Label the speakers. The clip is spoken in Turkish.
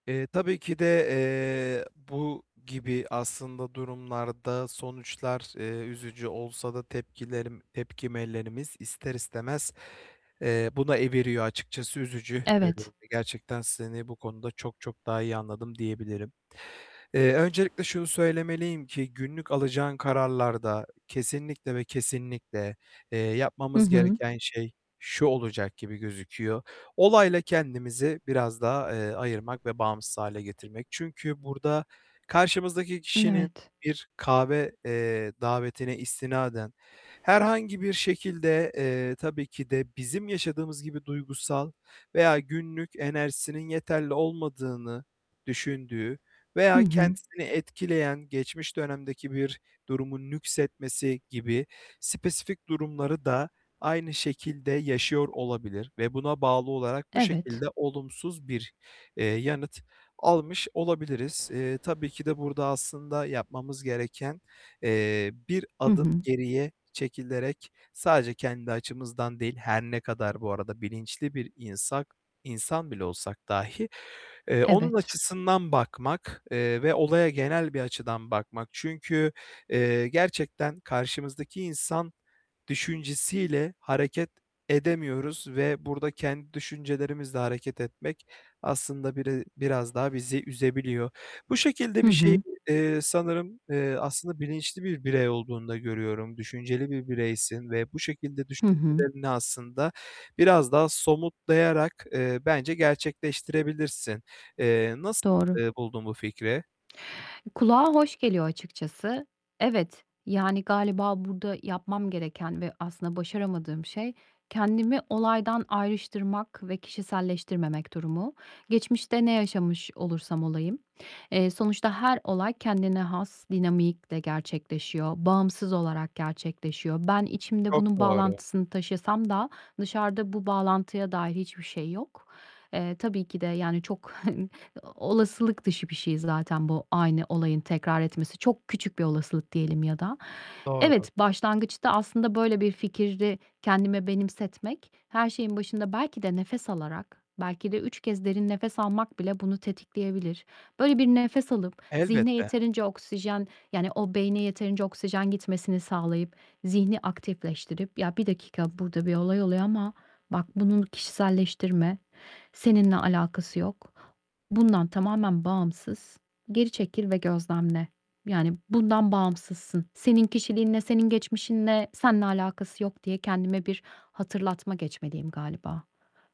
Speaker 1: Eee, tabii ki de, eee, bu gibi aslında durumlarda sonuçlar, eee, üzücü olsa da tepkilerim, tepkilerimiz ister istemez, eee, buna eviriyor, açıkçası üzücü. Eee,
Speaker 2: Evet.
Speaker 1: ve gerçekten seni bu konuda çok çok daha iyi anladım diyebilirim. Eee, öncelikle şunu söylemeliyim ki günlük alacağın kararlarda kesinlikle ve kesinlikle, eee,
Speaker 2: Hı
Speaker 1: yapmamız
Speaker 2: hı.
Speaker 1: gereken şey şu olacak gibi gözüküyor: Olayla kendimizi biraz daha, eee, ayırmak ve bağımsız hâle getirmek. Çünkü burada karşımızdaki
Speaker 2: N
Speaker 1: kişinin
Speaker 2: evet.
Speaker 1: bir kahve, eee, davetine istinaden, herhangi bir şekilde, eee, tabii ki de bizim yaşadığımız gibi duygusal veya günlük enerjisinin yeterli olmadığını düşündüğü
Speaker 2: Hı
Speaker 1: veya
Speaker 2: hı.
Speaker 1: kendisini etkileyen geçmiş dönemdeki bir durumun nüksetmesi gibi spesifik durumları da aynı şekilde yaşıyor olabilir. Ve buna bağlı olarak bu
Speaker 2: Evet.
Speaker 1: şekilde olumsuz bir, eee, yanıt almış olabiliriz. Eee, tabii ki de burada aslında yapmamız gereken, eee, bir
Speaker 2: Hı
Speaker 1: adım
Speaker 2: hı.
Speaker 1: geriye çekilerek sadece kendi açımızdan değil, her ne kadar bu arada bilinçli bir insan- insan bile olsak dahi, eee, onun
Speaker 2: Evet.
Speaker 1: açısından bakmak, eee, ve olaya genel bir açıdan bakmak. Çünkü, eee, gerçekten karşımızdaki insan düşüncesiyle hareket edemiyoruz ve burada kendi düşüncelerimizle hareket etmek aslında biri biraz daha bizi üzebiliyor. Bu şekilde
Speaker 2: Hı
Speaker 1: bir şeydi.
Speaker 2: hı.
Speaker 1: Eee, sanırım, eee, aslında bilinçli bir birey olduğunu da görüyorum, düşünceli bir bireysin ve bu şekilde
Speaker 2: Hı hı.
Speaker 1: düşüncelerini aslında biraz daha somutlayarak, eee, bence gerçekleştirebilirsin. Eee, nasıl,
Speaker 2: Doğru.
Speaker 1: eee, buldun bu fikri?
Speaker 2: Kulağa hoş geliyor açıkçası. Evet, yani, galiba burada yapmam gereken ve aslında başaramadığım şey kendimi olaydan ayrıştırmak ve kişiselleştirmemek durumu. Geçmişte ne yaşamış olursam olayım, eee, sonuçta her olay kendine has dinamikle gerçekleşiyor. Bağımsız olarak gerçekleşiyor. Ben içimde
Speaker 1: Çok
Speaker 2: bunun
Speaker 1: doğru.
Speaker 2: bağlantısını taşısam da dışarıda bu bağlantıya dair hiçbir şey yok. Eee, tabii ki de, yani, çok, hani, olasılık dışı bir şey zaten bu aynı olayın tekrar etmesi. Çok bir olasılık diyelim ya da.
Speaker 1: Doğru.
Speaker 2: Evet, başlangıçta aslında böyle bir fikri kendime benimsetmek her şeyin başında belki de nefes alarak, belki de 3 kez derin nefes almak bile bunu tetikleyebilir. Böyle, bir nefes alıp zihne
Speaker 1: Elbette.
Speaker 2: yeterince oksijen, yani, o beyne yeterince oksijen gitmesini sağlayıp, zihni aktifleştirip" Ya, 1 dakika, burada bir olay oluyor ama bak, bunun kişiselleştirme, seninle alakası yok. Bundan tamamen bağımsız, geri çekil ve gözlemle. Yani, bundan bağımsızsın. Senin kişiliğinle, senin geçmişinle, senle alakası yok." diye kendime bir hatırlatma geçmeliyim galiba.